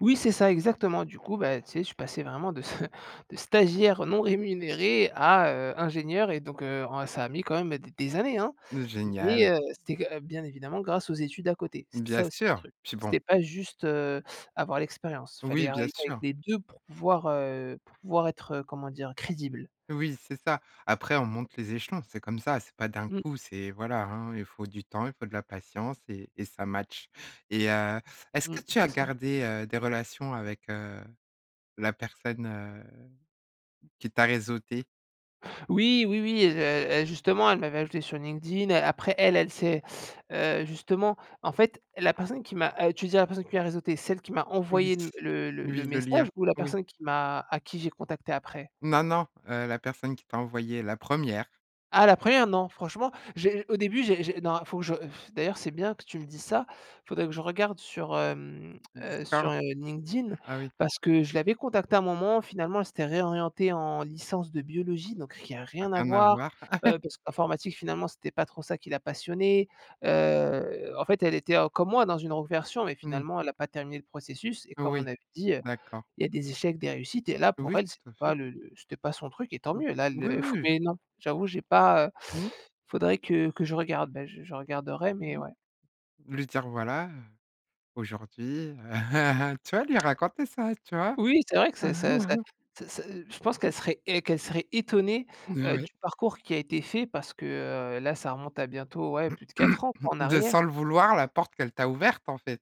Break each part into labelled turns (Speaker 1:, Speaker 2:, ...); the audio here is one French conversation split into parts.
Speaker 1: Oui, c'est ça, exactement. Du coup, bah, tu sais, je suis passé vraiment de de stagiaire non rémunéré à, heu, ingénieur et donc, heu, en ça a mis quand même des des années hein?
Speaker 2: N
Speaker 1: Mais
Speaker 2: génial!
Speaker 1: heu, c'était que bien évidemment grâce aux études à côté. C'était
Speaker 2: Bien
Speaker 1: ça aussi le
Speaker 2: sûr,
Speaker 1: truc.
Speaker 2: puis bon
Speaker 1: C'était pas juste, heu, avoir l'expérience:
Speaker 2: Oui,
Speaker 1: fallait
Speaker 2: bien
Speaker 1: arriver avec
Speaker 2: sûr.
Speaker 1: les 2 pour pouvoir heu, pour pouvoir être heu, comment dire? Crédible.
Speaker 2: Oui, c'est ça, après on monte les échelons, c'est comme ça, c'est pas d'un
Speaker 1: Mmh.
Speaker 2: coup, c'est voilà hein? Il faut du temps, il faut de la patience et et ça matche. Et heu, est-ce
Speaker 1: Mmh,
Speaker 2: que tu as
Speaker 1: c'est ça.
Speaker 2: gardé, heu, des relations avec, heu, la personne, heu, qui t'a réseauté?
Speaker 1: Oui, oui, oui, heu, heu, justement elle m'avait ajouté sur LinkedIn. Après elle, elle s'est, heu, justement en fait la personne qui m'a, heu tu disais la personne qui m'a réseauté, celle qui m'a
Speaker 2: Oui,
Speaker 1: envoyé le le
Speaker 2: oui,
Speaker 1: le
Speaker 2: le lien,
Speaker 1: message ou la
Speaker 2: oui.
Speaker 1: personne qui m'a à qui j'ai contacté après?
Speaker 2: Non, non, heu, la personne qui t'a envoyé la première.
Speaker 1: Ah la première? Non franchement, j'ai au début j'ai j'ai non, faut que je d'ailleurs c'est bien que tu me dises ça, faudrait que je regarde sur hem heu, sur,
Speaker 2: Discord?
Speaker 1: heu, LinkedIn
Speaker 2: Ah oui.
Speaker 1: parce que je l'avais contactée à un moment, finalement elle s'était réorientée en licence de biologie donc il y a
Speaker 2: Ah,
Speaker 1: rien à
Speaker 2: rien à
Speaker 1: voir,
Speaker 2: voir.
Speaker 1: heu, parce que l'informatique finalement c'était pas trop ça qui la passionnait. Heu, en fait elle était en comme moi dans une reconversion mais
Speaker 2: Mmh.
Speaker 1: finalement elle a pas terminé le processus et comme
Speaker 2: Oui,
Speaker 1: on avait dit, heu,
Speaker 2: d'accord.
Speaker 1: il y a des échecs, des réussites et là pour
Speaker 2: Oui,
Speaker 1: elle c'était
Speaker 2: tout à fait.
Speaker 1: pas le le c'était pas son truc et tant mieux, la
Speaker 2: Ou oui,
Speaker 1: le
Speaker 2: oui.
Speaker 1: mais non, j'avoue, j'ai pas heu
Speaker 2: Mmh.
Speaker 1: faudrait que que je regarde. Beh, je je regarderai mais ouais.
Speaker 2: Lui dire: «Voilà heu, aujourd'hui, heu», tu vois? Lui raconter ça, tu vois?
Speaker 1: Oui, c'est vrai que c'est c'est c'est c'est c'est je pense qu'elle serait et qu'elle serait étonnée,
Speaker 2: N
Speaker 1: heu,
Speaker 2: ouais.
Speaker 1: du parcours qui a été fait parce que, heu, là, ça remonte à bientôt, ouais plus de 4 ans, quoi, en
Speaker 2: De
Speaker 1: arrière.
Speaker 2: sans le vouloir la porte qu'elle t'a ouverte, en fait!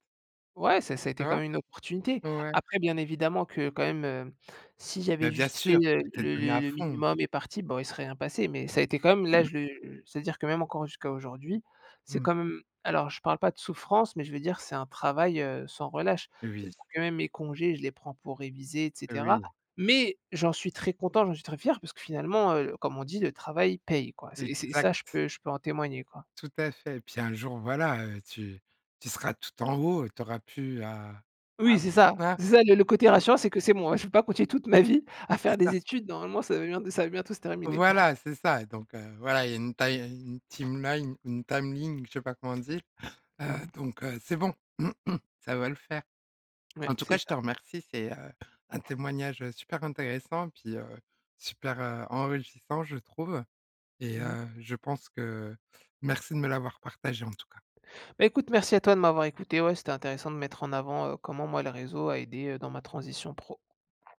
Speaker 1: Ouais ça ça a
Speaker 2: Tu
Speaker 1: été quand
Speaker 2: vois?
Speaker 1: même une opportunité.
Speaker 2: Ouais.
Speaker 1: Après, bien évidemment que quand même, heu si j'avais
Speaker 2: Mais bien
Speaker 1: juste fait,
Speaker 2: sûr,
Speaker 1: heu,
Speaker 2: tu t'es
Speaker 1: le
Speaker 2: donné à
Speaker 1: le
Speaker 2: fond!
Speaker 1: minimum imparti boh il serait rien passé. Mais ça a été quand même là je c'est-à-dire que même encore jusqu'à aujourd'hui, c'est
Speaker 2: Mmh.
Speaker 1: quand même alors je parle pas de souffrance, mais je veux dire c'est un travail, heu, sans relâche.
Speaker 2: Oui.
Speaker 1: C'est-à-dire que même mes congés je les prends pour réviser, et cetera.
Speaker 2: Oui.
Speaker 1: Mais j'en suis très content, j'en suis très fier parce que finalement, heu, comme on dit, le travail paye, quoi, c'est c'est et ça je
Speaker 2: Exact.
Speaker 1: peux je peux en témoigner, quoi.
Speaker 2: Tout à fait. Et puis un jour, voilà heu, tu tu seras tout en haut et tu auras plus à
Speaker 1: Oui c'est ça
Speaker 2: [unintelligible]
Speaker 1: c'est ça le le côté rassurant, c'est que c'est bon, je vais pas continuer toute ma vie à
Speaker 2: C'est
Speaker 1: faire des
Speaker 2: ça.
Speaker 1: études, normalement ça va bien ça va bientôt se terminer.
Speaker 2: Voilà, c'est ça. Donc, heu, voilà, il y a une ti une team line une time ling je sais pas comment on dit, heu,
Speaker 1: Mmh.
Speaker 2: donc heu, c'est bon, ça va le faire.
Speaker 1: Ouais,
Speaker 2: En tout
Speaker 1: c'est
Speaker 2: cas je te
Speaker 1: ça.
Speaker 2: remercie, c'est, heu, un témoignage, heu, super intéressant puis, heu, super, heu, enrichissant, je trouve et,
Speaker 1: Mmh mh.
Speaker 2: heu, je pense que merci de me l'avoir partagé en tout cas.
Speaker 1: Beh, écoute merci à toi de m'avoir écouté, ouais c'était intéressant de mettre en avant, heu, comment moi le réseau a aidé, heu, dans ma transition pro.